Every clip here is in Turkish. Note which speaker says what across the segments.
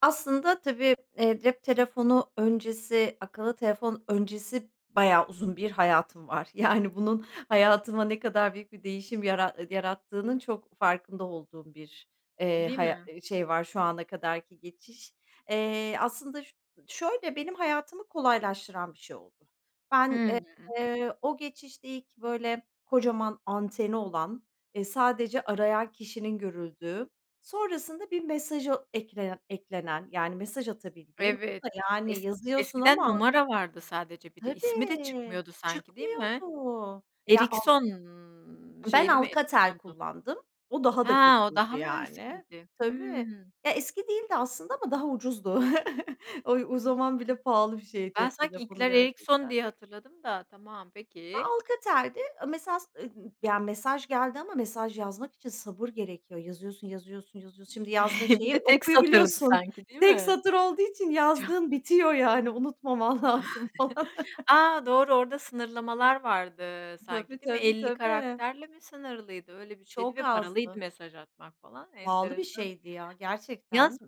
Speaker 1: Aslında tabii, eee, cep telefonu öncesi, akıllı telefon öncesi bayağı uzun bir hayatım var. Yani bunun hayatıma ne kadar büyük bir değişim yara eee, yarattığının çok farkında olduğum bir, eee,
Speaker 2: Değil
Speaker 1: haya
Speaker 2: mi?
Speaker 1: eee, şey var, şu ana kadar ki geçiş. Eee, aslında ş şöyle, benim hayatımı kolaylaştıran bir şey oldu. Ben,
Speaker 2: Hımm.
Speaker 1: eee, o geçişte ilk böyle, kocaman anteni olan, eee, sadece arayan kişinin görüldüğü, sonrasında bir mesaja eklenen eklenen, yani mesaj atabildiğin, o
Speaker 2: Evet,
Speaker 1: da yani
Speaker 2: es
Speaker 1: yazıyorsun
Speaker 2: eskiden
Speaker 1: ama
Speaker 2: numara vardı sadece bir de. İsmi de
Speaker 1: Tabii
Speaker 2: çıkmıyordu sanki, değil mi?
Speaker 1: çıkmıyordu. Ya al
Speaker 2: Erikson,
Speaker 1: Ben
Speaker 2: şeyli mi
Speaker 1: Alcatel
Speaker 2: Erikson'du?
Speaker 1: kullandım, o daha
Speaker 2: He,
Speaker 1: da
Speaker 2: o
Speaker 1: kötüydü
Speaker 2: daha mı
Speaker 1: yani.
Speaker 2: eskiydi?
Speaker 1: Tabii.
Speaker 2: Hımm.
Speaker 1: Ya eski değildi aslında ama daha ucuzdu. O, o, zaman bile pahalı bir şey
Speaker 2: Ben
Speaker 1: cep
Speaker 2: sanki
Speaker 1: telefonu
Speaker 2: ilkler Erikson
Speaker 1: gerçekten.
Speaker 2: diye hatırladım da, tamam,
Speaker 1: Ya
Speaker 2: peki.
Speaker 1: Alcatel'di. Mesaj, eee, ya mesaj geldi ama mesaj yazmak için sabır gerekiyor. Yazıyorsun, yazıyorsun, yazıyorsun. Şimdi yazdığın
Speaker 2: Bir
Speaker 1: şeyi
Speaker 2: de tek satırdı
Speaker 1: okuyabiliyorsun.
Speaker 2: sanki değil
Speaker 1: Tek
Speaker 2: mi?
Speaker 1: satır olduğu için
Speaker 2: Ço
Speaker 1: yazdığın bitiyor yani. Unutmaman lazım falan.
Speaker 2: A, doğru orada sınırlamalar vardı
Speaker 1: Tabii,
Speaker 2: sanki değil mi?
Speaker 1: tabii,
Speaker 2: 50
Speaker 1: tabii.
Speaker 2: karakterle mi sınırlıydı? Öyle bir şeydi
Speaker 1: Çok
Speaker 2: ve paralıydı
Speaker 1: azdı.
Speaker 2: mesaj atmak falan,
Speaker 1: Pahalı bir
Speaker 2: enteresan.
Speaker 1: şeydi ya,
Speaker 2: Yaz
Speaker 1: gerçekten.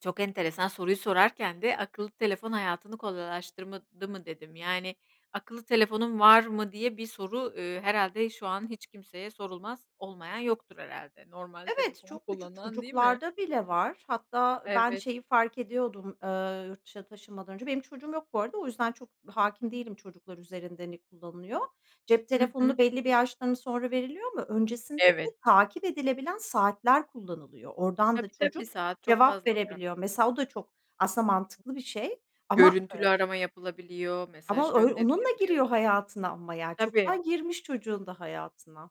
Speaker 2: Çok enteresan soruyu sorarken de akıllı telefon hayatını kolaylaştırmadı mı dedim. Yani, akıllı telefonun var mı diye bir soru, eee, herhâlde şu an hiç kimseye sorulmaz. Olmayan yoktur herhâlde. Normal
Speaker 1: Evet,
Speaker 2: telefon
Speaker 1: çok küçük
Speaker 2: kullanan değil mi?
Speaker 1: çocuklarda bile var. Hatta ben
Speaker 2: Evet.
Speaker 1: şeyi fark ediyordum. Eee, yurt dışına taşınmadan önce. Benim çocuğum yok bu arada o yüzden çok hâkim değilim çocuklar üzerinde hani ne kullanılıyor. Cep
Speaker 2: Hı hı.
Speaker 1: telefonunu belli bir yaştan sonra veriliyor ama öncesinde de
Speaker 2: Evet.
Speaker 1: takip edilebilen saatler kullanılıyor. Oradan da
Speaker 2: Tabii tabii,
Speaker 1: çocuk
Speaker 2: saat çok
Speaker 1: cevap
Speaker 2: fazla var.
Speaker 1: verebiliyor. Mesela o da çok aslında mantıklı bir şey ama,
Speaker 2: Görüntülü
Speaker 1: eee.
Speaker 2: arama yapılabiliyor, mesaj
Speaker 1: Ama öy onunla
Speaker 2: gönderilebiliyor.
Speaker 1: giriyor hayatına ama yani
Speaker 2: Tabii.
Speaker 1: çoktan girmiş çocuğun da hayatına.